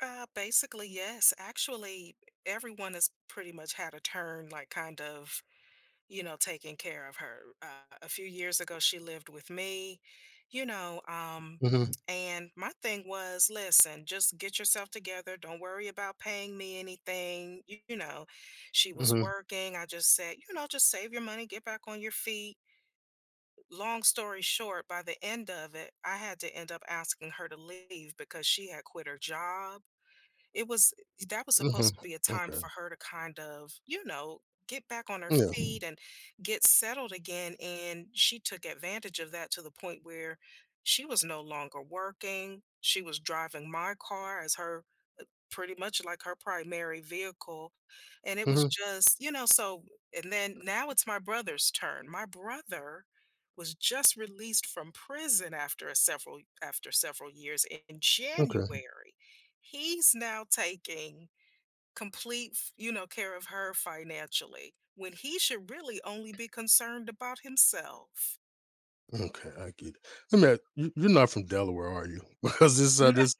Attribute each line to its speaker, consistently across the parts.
Speaker 1: Uh, basically, yes. Actually, everyone has pretty much had a turn, like, kind of, you know, taking care of her. Uh, a few years ago, she lived with me, you know, um,
Speaker 2: Mhm.
Speaker 1: and my thing was, "Listen, just get yourself together, don't worry about paying me anything," you know, she was
Speaker 2: Mhm.
Speaker 1: working. I just said, you know, "Just save your money, get back on your feet." Long story short, by the end of it, I had to end up asking her to leave because she had quit her job. It was that was
Speaker 2: Mhm.
Speaker 1: supposed to be a time
Speaker 2: Okay.
Speaker 1: for her to, kind of, you know, get back on her
Speaker 2: Yeah.
Speaker 1: feet and get settled again, and she took advantage of that to the point where she was no longer working, she was driving my car as her pretty much, like, her primary vehicle, and it was
Speaker 2: Mhm.
Speaker 1: just, you know so, and then now it's my brother's turn. My brother was just released from prison after a several after several years in
Speaker 2: Okay.
Speaker 1: January. He's now taking complete f you know, care of her financially, when he should really only be concerned about himself.
Speaker 2: Okay, I get it. I mean, you you're not from Delaware, are you? Because
Speaker 1: No.
Speaker 2: this this
Speaker 1: No.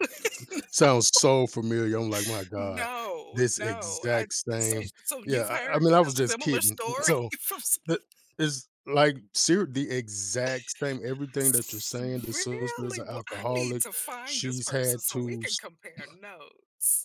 Speaker 2: sounds so familiar. I'm, like, "My god,
Speaker 1: No.
Speaker 2: this
Speaker 1: No. I've
Speaker 2: exact
Speaker 1: so y
Speaker 2: same"
Speaker 1: so, you've
Speaker 2: yeah, I I
Speaker 1: heard
Speaker 2: mean, I
Speaker 1: a
Speaker 2: was just
Speaker 1: similar
Speaker 2: kidding.
Speaker 1: story?
Speaker 2: So
Speaker 1: F so
Speaker 2: the is, like, ser the exact same everything that you're saying,
Speaker 1: [unintelligible]
Speaker 2: the sister's
Speaker 1: Really?
Speaker 2: an
Speaker 1: Wha I need
Speaker 2: alcoholic,
Speaker 1: to find this
Speaker 2: she's
Speaker 1: person
Speaker 2: had
Speaker 1: so we
Speaker 2: to
Speaker 1: can
Speaker 2: st
Speaker 1: compare notes.